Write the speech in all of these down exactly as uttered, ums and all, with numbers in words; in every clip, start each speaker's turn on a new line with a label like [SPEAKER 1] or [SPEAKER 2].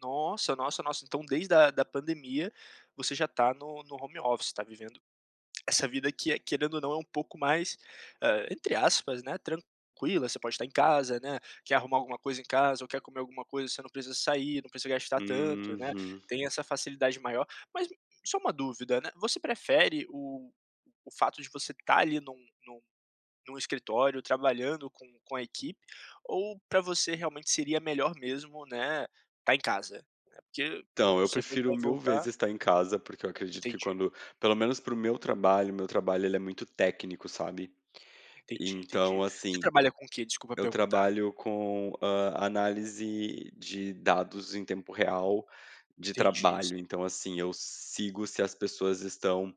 [SPEAKER 1] Nossa, nossa, nossa, então desde da da pandemia você já tá no no home office, tá vivendo essa vida que é, querendo ou não, é um pouco mais, ah, entre aspas, né, tranquila, você pode estar em casa, né, quer arrumar alguma coisa em casa ou quer comer alguma coisa, você sair, não precisa gastar tanto, né,
[SPEAKER 2] Uhum.
[SPEAKER 1] tem essa facilidade maior, mas só uma dúvida, né, você prefere o o fato de você estar ali em um em um em um escritório trabalhando com com a equipe, ou para você realmente seria melhor mesmo, né, estar em casa? Né, porque
[SPEAKER 2] Então eu
[SPEAKER 1] você
[SPEAKER 2] prefiro
[SPEAKER 1] vai
[SPEAKER 2] mil vezes
[SPEAKER 1] voltar.
[SPEAKER 2] estar em casa, porque eu acredito que
[SPEAKER 1] Entendi.
[SPEAKER 2] quando, pelo menos para o meu trabalho, o meu trabalho ele é muito técnico, sabe.
[SPEAKER 1] Entendi, entendi.
[SPEAKER 2] Então
[SPEAKER 1] Você
[SPEAKER 2] assim,
[SPEAKER 1] trabalha com o quê? Desculpa
[SPEAKER 2] eu
[SPEAKER 1] perguntar.
[SPEAKER 2] trabalho com, ah, análise de dados em tempo real, de
[SPEAKER 1] Entendi, esse
[SPEAKER 2] trabalho então, assim, eu sigo se as pessoas estão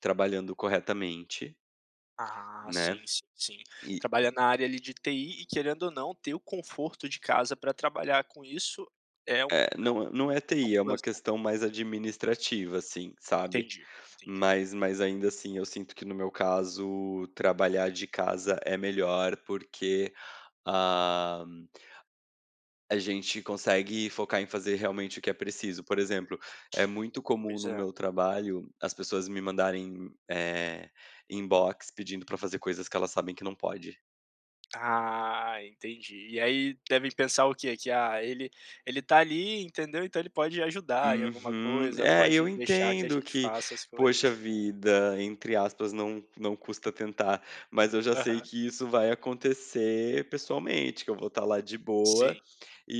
[SPEAKER 2] trabalhando corretamente,
[SPEAKER 1] Ah,
[SPEAKER 2] né,
[SPEAKER 1] sim, sim, sim,
[SPEAKER 2] e.
[SPEAKER 1] trabalha na área ali de TI e querendo ou não ter o conforto de casa para trabalhar com isso é um é um
[SPEAKER 2] É,não não é TI, é uma
[SPEAKER 1] plus, né?
[SPEAKER 2] questão mais administrativa, assim, sabe.
[SPEAKER 1] Entendi, entendi.
[SPEAKER 2] Mas mas ainda assim eu sinto que no meu caso trabalhar de casa é melhor porque, ah, a gente consegue focar em fazer realmente o que é preciso, por exemplo, é muito comum
[SPEAKER 1] Pois
[SPEAKER 2] no
[SPEAKER 1] é.
[SPEAKER 2] meu trabalho, as pessoas me mandarem, eh, inbox, pedindo para fazer coisas que elas sabem que não pode.
[SPEAKER 1] Ah, entendi e aí devem pensar o quê, que: "Ah, ele ele está ali entendeu então ele pode ajudar em alguma
[SPEAKER 2] Uhum,
[SPEAKER 1] coisa,
[SPEAKER 2] é, e eu
[SPEAKER 1] pode deixar que a
[SPEAKER 2] entendo
[SPEAKER 1] gente
[SPEAKER 2] que,
[SPEAKER 1] faça as
[SPEAKER 2] poxa
[SPEAKER 1] coisas".
[SPEAKER 2] vida, entre aspas não não custa tentar, mas eu já sei
[SPEAKER 1] Aham.
[SPEAKER 2] que isso vai acontecer pessoalmente, que eu vou estar lá de
[SPEAKER 1] Sim,
[SPEAKER 2] boa,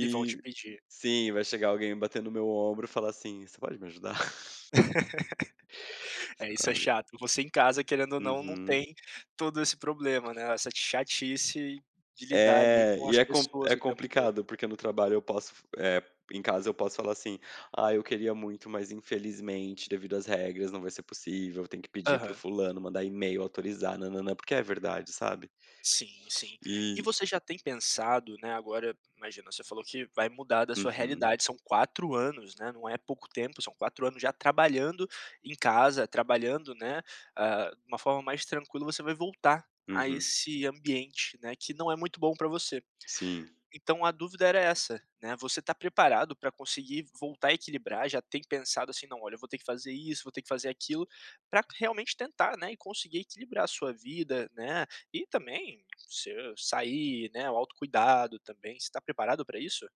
[SPEAKER 1] e vão te pedir.
[SPEAKER 2] sim vai chegar alguém batendo o meu ombro e falar assim, você pode me ajudar?
[SPEAKER 1] É isso é
[SPEAKER 2] Sabe.
[SPEAKER 1] chato, você em casa, querendo ou não, não
[SPEAKER 2] Uhum.
[SPEAKER 1] tem todo esse problema, né, essa chatice de lidar ali
[SPEAKER 2] É,
[SPEAKER 1] com
[SPEAKER 2] e
[SPEAKER 1] as
[SPEAKER 2] é com
[SPEAKER 1] pessoas
[SPEAKER 2] é
[SPEAKER 1] o tempo todo.
[SPEAKER 2] complicado, porque no trabalho eu posso f eh, fazer em casa eu posso falar assim, ah, eu queria muito mas infelizmente devido às regras não vai ser possível, tem que pedir para o
[SPEAKER 1] Aham.
[SPEAKER 2] fulano, mandar e-mail, autorizar, nã-nã-nã, porque é verdade sabe.
[SPEAKER 1] Sim sim. E
[SPEAKER 2] E.
[SPEAKER 1] você já tem pensado, né, agora, imagina você falou que vai mudar da sua
[SPEAKER 2] Uhum.
[SPEAKER 1] realidade, são quatro anos, né, não é pouco tempo, são quatro anos já trabalhando em casa, trabalhando, né, ah, de uma forma mais tranquila, você vai voltar a
[SPEAKER 2] Uhum.
[SPEAKER 1] esse ambiente, né, que não é muito bom para você.
[SPEAKER 2] Sim.
[SPEAKER 1] Então a dúvida era essa, né, você está preparado para conseguir voltar a equilibrar, já tem pensado assim: "Não, olha, eu vou ter que fazer isso, vou ter que fazer aquilo", para realmente tentar, né, e conseguir equilibrar a sua vida, né, e também, você sair, né, o autocuidado também, você tá preparado pra isso?